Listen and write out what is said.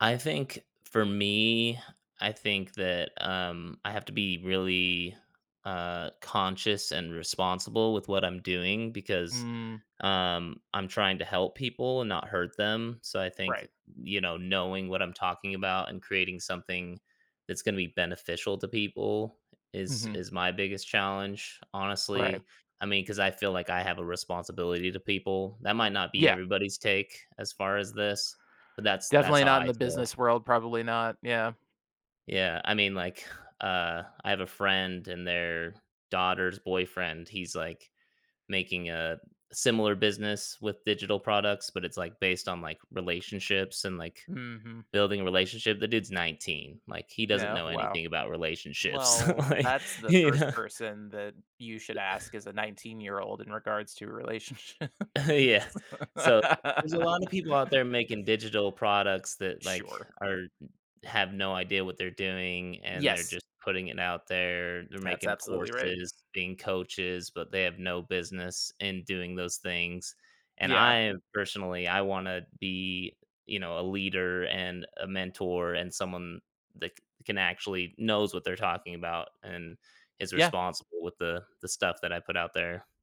I think, for me I think that, um, I have to be really, uh, conscious and responsible with what I'm doing because, Mm. um, I'm trying to help people and not hurt them, so, I think, Right. you know, knowing what I'm talking about and creating something that's gonna be beneficial to people is Mhm. is my biggest challenge Right. honestly, I mean, 'cause I feel like I have a responsibility to people. That might not be Yeah. everybody's take as far as this, but that's that's Definitely how not in I the feel. business world, probably not, yeah. Yeah, I mean, like, uh, I have a friend and their daughter's boyfriend, he's, like, making a similar business with digital products, but it's, like, based on, like, relationships and, like, Mhm. building relationship the dude's 19, like, he doesn't Yeah, know wow, anything about relationships, well, like, that's the you know. 1st person that you should U ask, is a nineteen-year-old in regards to relationships. Yeah, so, there's a lot of people out there making digital products that, like, Sure. are have no idea what they're doing, and they're Yes. just putting it out there. They're That's making absolutely right. courses, being coaches, but they have no business in doing those things, and, Yeah. I personally, I wanna be, you know, a leader, and a mentor, and someone that c can actually knows what they're talking about and is Yeah. responsible with the the stuff that I put out there.